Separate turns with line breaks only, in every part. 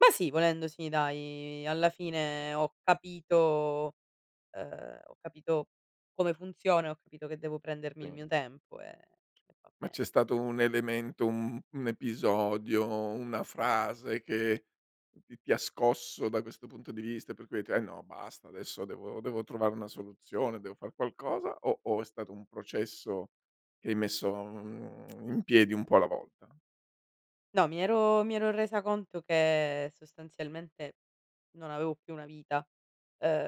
Ma sì, volendo sì, dai alla fine ho capito, ehm, ho capito come funziona, ho capito che devo prendermi il
Sì.
mio tempo, ehm, e va
Ma
beh.
c'è stato un elemento, un un episodio, una frase che ti ti ha scosso da questo punto di vista? Per cui hai detto: "Eh no, basta, adesso devo devo trovare una soluzione, devo far qualcosa.", o o è stato un processo che hai messo, mhmm, in piedi un po' alla volta?
No, mi ero mi ero resa conto che sostanzialmente non avevo più una vita,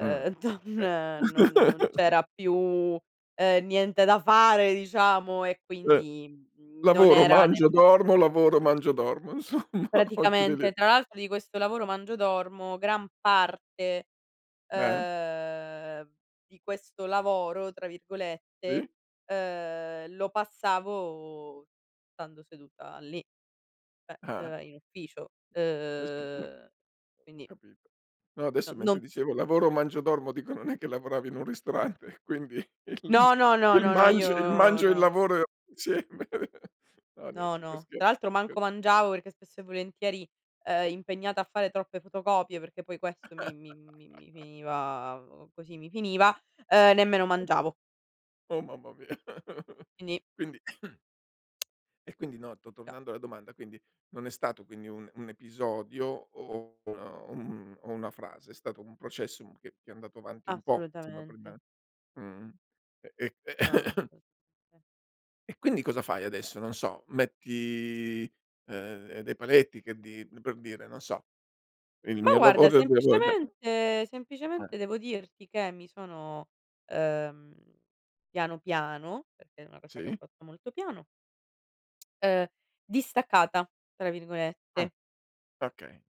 Mh,
don
okay.
non non non c'era più ehm niente da fare diciamo e
Mh.
quindi, mhmm, non
Lavoro,
era
mangio,
nem
dormo, lavoro, mangio, dormo, insomma o giù di lì.
Praticamente. Tra l'altro di questo lavoro mangio dormo gran parte,
Eh.
ehm, di questo "lavoro", tra virgolette,
Sì.
ehm, lo passavo stando seduta lì, cioè
Eh.
ehm, in ufficio.
Eh sì, mh.
Uhm quindi
Capito. No, adesso
n
mentre
non s
dicevo: "Lavoro, mangio, dormo" dico, non è che lavoravi in un ristorante. Quindi, il
No, no, no,
il
no, no,
mangio il
io
mangio e il
no.
lavoro sì. No nien
No,
si fa
no,
sche
tra l'altro
sche
manco mangiavo perché spesso e volentieri, ehm, impegnata a fare troppe fotocopie, perché poi questo mi mi mi mi mi finiva o così mi finiva, ehm, nemmeno mangiavo.
Oh mamma mia.
Quindi
Quindi e quindi no, to
Già.
tornando alla domanda, quindi, non è stato quindi un un episodio o un un una frase, è stato un processo un che che è andato avanti un po' [unintelligible] prima?
Assolutamente.
Mhmm, e e
No, no. assolutament
e quindi cosa fai adesso? Non so, metti, ehm, ehm, dei paletti che di p per dire, non so. Il
Ma
mio
guarda
lavoro devo [unintelligible]
semplicemente
Eh.
semplicemente devo dirti che mi sono, ehm, piano piano, perché è una cosa che ho
Sì.
fatto molto piano ehm "distaccata", tra
Mh,
virgolette.
okay.